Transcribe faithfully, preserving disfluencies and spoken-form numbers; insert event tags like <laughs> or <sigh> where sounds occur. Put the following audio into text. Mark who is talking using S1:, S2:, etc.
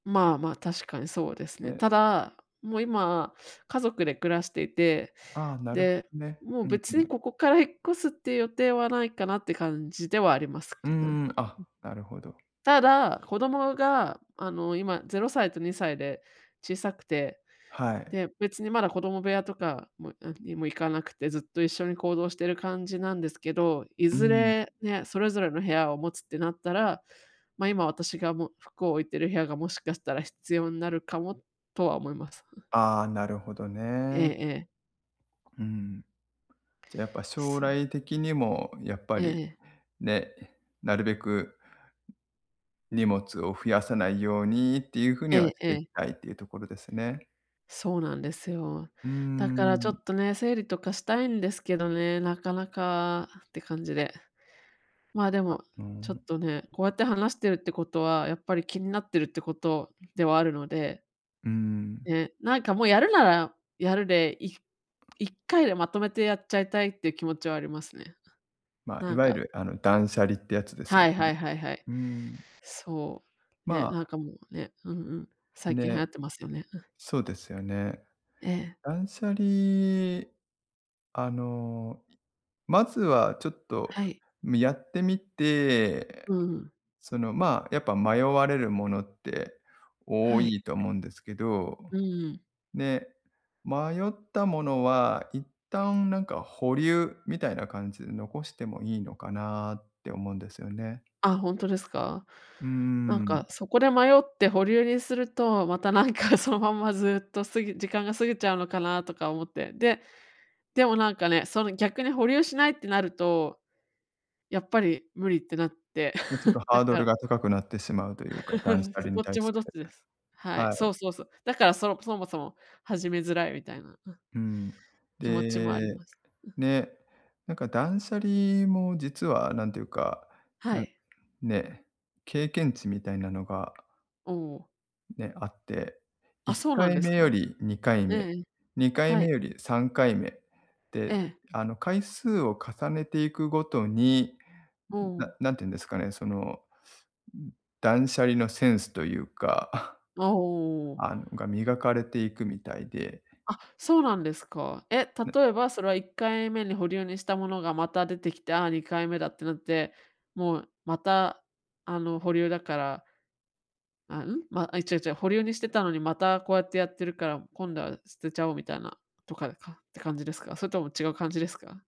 S1: まあまあ、確かにそうですね。
S2: え
S1: ただ、もう今家族で暮らしていて、
S2: ああ、なるほ、
S1: で、
S2: ね。
S1: も
S2: う
S1: う
S2: ん
S1: 別
S2: う
S1: に
S2: ん。
S1: ここから引っ越すっていう予定はないかなって感じではあります
S2: うー
S1: けど、ん。
S2: ん、あ、なるほど。
S1: ただ、子供があの、今ぜろさいとにさいで小さくて、
S2: はい。
S1: で、別にまだ子供部屋とかもなんにもいかなくて、ずっと一緒に行動してる感じなんですけど、い
S2: う
S1: ず
S2: ん。
S1: れね、それぞれの部屋を持つってなったら、ま、今私が、ま、服を置いている部屋がもしかしたら必要になるかも、とは思います。ん。
S2: ああ、なるほど
S1: ええ
S2: ね。
S1: ええ。
S2: うん。じゃ、やっぱ将
S1: そう
S2: 来的にも、やっぱ
S1: ええ
S2: り、
S1: ええ。
S2: ね、なるべく、荷物を増やさないようにっていう風に
S1: え
S2: は、
S1: え
S2: し
S1: え
S2: てい
S1: え。
S2: きたいていうところですね。
S1: そうなんですよ。
S2: うー
S1: だからちょ
S2: ん。
S1: っとね、整理とかしたいんですけどね。なかなかって感じで。まあ、で
S2: あ、
S1: も、
S2: う
S1: ちょっ
S2: ん。
S1: とね、こうやって話してるってことは、やっぱり気になってるってことではあるので
S2: うん。
S1: ね、なんかもう、やるならやるで、いいっかいでまとめてやっちゃいたいっていう気持ちはありますね。
S2: ま、い
S1: なん
S2: わゆ
S1: か
S2: るあの、断捨離ってやつですよ
S1: はい
S2: ね。
S1: はいはいはい。
S2: うーん。
S1: そう。
S2: ま
S1: ね、
S2: あ
S1: なんかもうね、うんうん、最近流
S2: ね、
S1: 行ってますよね。うん。
S2: そうですよね。
S1: ええ。
S2: 断捨離、あの、いまずはちょっと
S1: はい。
S2: みやってみて、
S1: うんうん。
S2: その、まあ、やっぱ迷われるものって多
S1: はい。
S2: いと思うんですけど。
S1: うんうん。
S2: ね、迷ったものは、一旦なんか保留、みたいな感じで残してもいいのかなって思うんですよね。
S1: あ、ほんとですか？
S2: うん
S1: なん
S2: うんうん。
S1: か、そこで迷って保留にすると、またなんか、そのまんまずっと過ぎ時間が過ぎちゃうのかな、とか思って。で、でもなんかね、その逆に保留しないってなると、やっぱり無理ってなって、
S2: ん、ちょっと
S1: <chuckles>
S2: ハ
S1: だ
S2: ード
S1: か
S2: ル
S1: ら
S2: が高くなってしまうというか、断捨離
S1: <laughs>
S2: に
S1: どっ
S2: 対
S1: ち
S2: し
S1: も
S2: て
S1: どっちです。はい、
S2: は
S1: そう
S2: い。
S1: そうそう。だからそのそもそも始めづらいみたいな、あ
S2: うん。
S1: 気持ちもあり
S2: で、
S1: ます。ん。
S2: ね、なんか断捨離も実は、何ていうか、
S1: は
S2: なん
S1: い。
S2: ね、経験値みたいなのが
S1: おお。
S2: ね、あって、い
S1: あ、
S2: っ
S1: そう
S2: か
S1: なん
S2: い
S1: です
S2: め
S1: か？
S2: よりにかい
S1: ええ
S2: め、
S1: ええ、
S2: にかい
S1: は
S2: め
S1: い。
S2: よりさんかいめ。
S1: え
S2: で、
S1: え。
S2: あの回数を重ねていくごとに、
S1: お
S2: な
S1: お。
S2: 何て言うんですかね、その、ん断捨離のセンスというか、
S1: あ、おおおお。
S2: あのが磨かれていくみたいで。
S1: あ、そうなんですか。え、
S2: ね
S1: 例えばそれは、いっかいめに保留にしたものがまた出てきて、あ、にかいめだってなって、もうまた、あの保留だからあ、うん？ま、あ、違う違う、保留にしてたのにまたこうやってやってるから、今度は捨てちゃおうみたいな、とかかって感じですか？それとも違う感じですか？